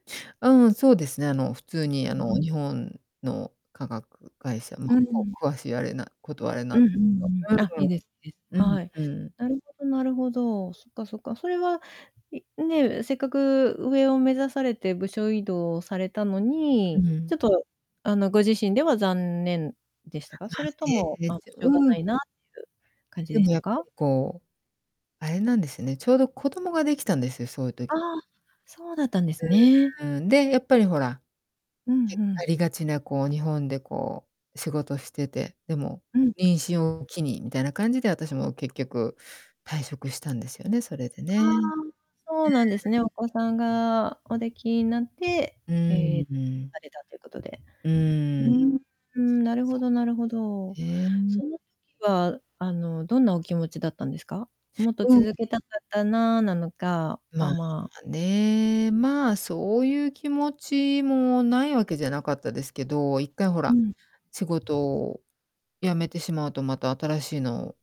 うんうん、そうですね、あの、普通にあうんうの、ん。日本の化学会社ま、うこん。う、詳しいあれなこと、あれなんうんでうんうすん。けど。あ、いいですいいです。うーん。はい。うんうん。なるほどなるほど。そっかそっか。それは、いね、せっかく上を目指されて部署異動されたのうに、ちん。ょっと、あの、ご自身では残念でしたか？ま、それとねもえ。ま、一応しょうがうなん。いなっていう感じででしもたやっぱか？りこう、あれなんですよね、ちょうど子供ができたんですよ、そういうあ時あ、そうだったんですね。うん、で、やっぱりほら。うんけうあん。りがちなこう日本でこう仕事してて、でも、うん。妊娠を機にみたいな感じで私も結局退職したんですよね、それであね。うーん。あ、そうなんですね。お子さんがお出来になって、うええ、ーん。されたということで。ううーん。ーん、なるそほうなどなるほんでど。す。へえ。その時は、あのどんなお気持ちだったんですか？「もっとうん。続けたかったな」なのか、あ、まあ、まあね、まあ、そういう気持ちもないわけじゃなかったですけど、一回ほうら、ん。仕事を辞めてしまうと、また新しいのを